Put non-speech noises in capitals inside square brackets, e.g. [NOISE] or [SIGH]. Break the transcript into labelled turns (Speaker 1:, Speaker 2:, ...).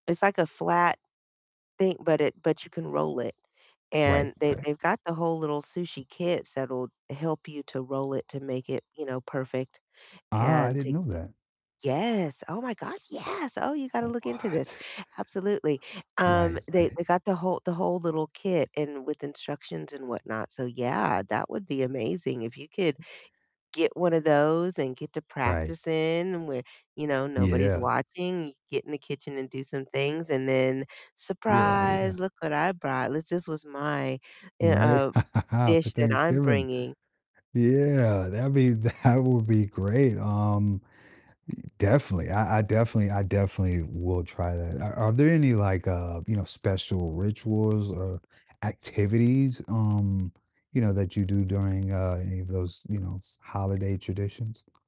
Speaker 1: It's, like, a flat thing, but it but you can roll it.
Speaker 2: Right,
Speaker 1: And they
Speaker 2: right.
Speaker 1: they've got the whole little sushi kits that'll help you to roll it to make it, you know, perfect
Speaker 2: Ah, I
Speaker 1: and
Speaker 2: didn't
Speaker 1: take
Speaker 2: know
Speaker 1: the
Speaker 2: that.
Speaker 1: Yes. Oh my God, yes! Oh, you gotta
Speaker 2: Oh,
Speaker 1: look into this.
Speaker 2: what?
Speaker 1: Absolutely, um,
Speaker 2: Right,
Speaker 1: they they
Speaker 2: right.
Speaker 1: got the whole the whole little kit and with instructions and whatnot. So yeah, that would be amazing if you could get one of those and get to
Speaker 2: Right.
Speaker 1: practicing where, you know, nobody's
Speaker 2: Yeah.
Speaker 1: watching. You get in the kitchen and do some things and then,
Speaker 2: Yeah, yeah.
Speaker 1: "Surprise, look what I brought. This this was my, eh
Speaker 2: Right.
Speaker 1: uh,
Speaker 2: [LAUGHS] For
Speaker 1: dish that I'm
Speaker 2: Thanksgiving.
Speaker 1: bringing."
Speaker 2: Yeah, that'd be that would be great. Um, i definitely. I I definitely I definitely will try that. Are are there any, like, uh, you know, special rituals or activities, um, you know, that you do during, uh, any of those, you know, holiday traditions?